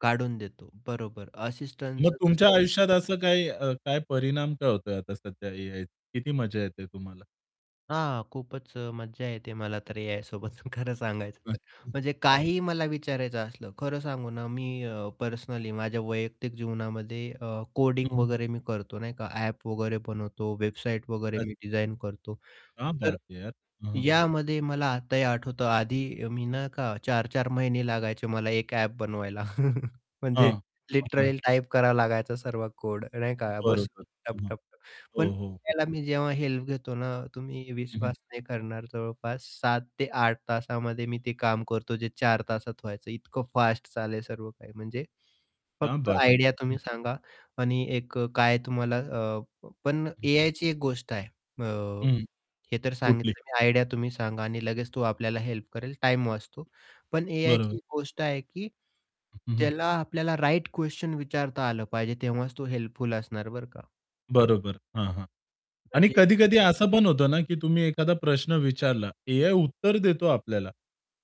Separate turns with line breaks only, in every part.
काढून देतो. बरोबर,
मग
असिस्टंटचं
तुमच्या
तसं
आयुष्यात असं काय अ, काय परिणाम काय होतोय आता सध्या एआयचा? किती मजा येत आहे तुम्हाला?
हां, खूपच अ, मज्जा येते मला तर एआयसोबत खरं सांगायचं तर.
अच्छा,
म्हणजे
हां.
काहीही मला विचारायचं असलं. खरं सांगू ना, मी अ, पर्सनली माझ्या वैयक्तिक जीवनामध्ये अ, कोडिंग
हं, हं.
वगैरे मी करतो नाही का ॲप वगैरे बनवतो, वेबसाईट वगैरे
अच्
मी डिझाईन करतो.
क्या
तर
बात है यार हं, हं.
यामध्ये मला आताही आठवतं आधी अ, मी ना का 4-4 महिने लागायचे मला एक ॲप बनवायला
हां.
म्हणजे
हां, हां.
लिटरली टाईप करावा लागायचा सर्व कोड, नाही का, बसून,
बरोबर. हं. हं.
टप-टप-टप,
हो,
पण
हो, हो.
त्याला मी जेव्हा हेल्प घेतो ना, तुम्ही
हं, हं.
विश्वास नाही करणार जवळपास 7 ते 8 तासामध्ये मी ते काम करतो जे 4 तासात व्हायचं इतकं फास्ट चालेल सर्व काही. म्हणजे
क्या
फक्त
बात है!
आयडिया
हं.
तुम्ही सांगा आणि एक अ, काय तुम्हाला अ, पण
हं.
एआयची एक गोष्ट आहे अ,
हं,
हे तर
कुठली?
सांगितलं मी आयडिया तुम्ही सांगा आणि लगेच तो आपल्याला हेल्प करेल, टाईम वाचतो. पण एआयची
बरोबर.
एक गोष्ट आहे, की
हं, हं.
त्याला आपल्याला राइट क्वेशन विचारता आलं पाहिजे तेव्हाच तो हेल्पफुल असणार, बरं का?
बरोबर. हां, हां. आणि
म्हणजे
कधी-कधी असं पण होतं ना, की तुम्ही एखादा प्रश्न विचारला, एआय उत्तर देतो आपल्याला,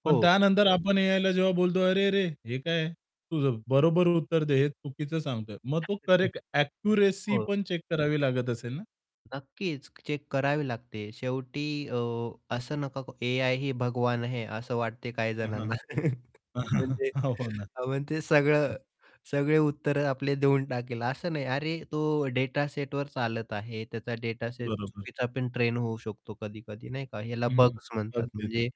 पण
हो.
त्यानंतर आपण एआयला जेव्हा बोलतो, "अरेरे, हे काय? तुझं बरोबर उत्तर दे, हे चुकीचं सांगतोय!" मग तो
[unintelligible]
करेक्ट ॲक्युरसी
हो.
पण चेक करावी लागत असेल ना?
नक्कीच चेक करावी लागते शेवटी अ, असं नका एआय ही भगवान है. असं वाटते
हं, हं,
काहीजणांना.
हं.
म्हणजे
हो ना.
अ, मग ते
हं.
सगळं सगळे उत्तर आपले देऊन टाकेल, असं नाही. अरे तो डेटासेटवर चालत आहे, त्याचा डेटासेट
बरोबर.
चुकीचापण ट्रेन होऊ शकतो कधी-कधी नाही का याला
हं, हं,
बग्स म्हणतात,
अगदीच
म्हणजे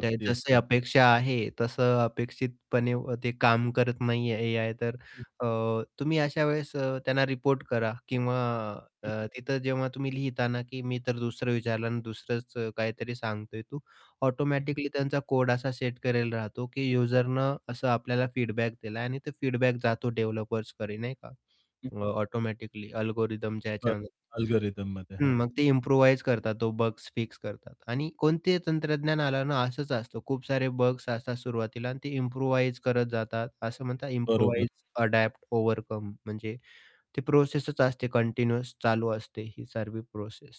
त्या जशी
असते.
अपेक्षा आहे तसं अपेक्षितपणे ते काम करत नाही आहे एआय तर
हं.
अ, तुम्ही
हं.
अशा वेळेस अ, त्यांना रिपोर्ट करा किंवा अ,
हं.
तिथं जेव्हा तुम्ही लिहिता ना की मी तर दुसरं विचारलं आणि दुसरंच अ, काहीतरी सांगतोय तू,
हं, हं.
ऑटोमॅटिकली त्यांचा कोड असा सेट करायला राहतो, की यूजरनं असं आपल्याला फीडबॅक दिलाय आणि तो फीडबॅक जातो डेव्हलपर्सकडे नाही का
हं.
अ, ऑटोमॅटिकली अल्गोरिथमच्या
बर
ह्याच्यामध्ये.
अल्गोरिथममध्ये
हं.
हां.
मग ते इम्प्रुव्हाईज करतात तो बग्स फिक्स करतात आणि कोणतेही तंत्रज्ञान आलं ना, असंच असतं.
हं.
खूप सारे बग्स असतात सुरुवातीला आणि ते इम्प्रुव्हाईज करत जातात असं म्हणतात
बरोबर.
इम्प्रुव्हाईज, अडॉप्ट, ओव्हरकम म्हणजे ती प्रोसेसच असते कंटिन्युअस चालू असते, ही सर्वी प्रोसेस.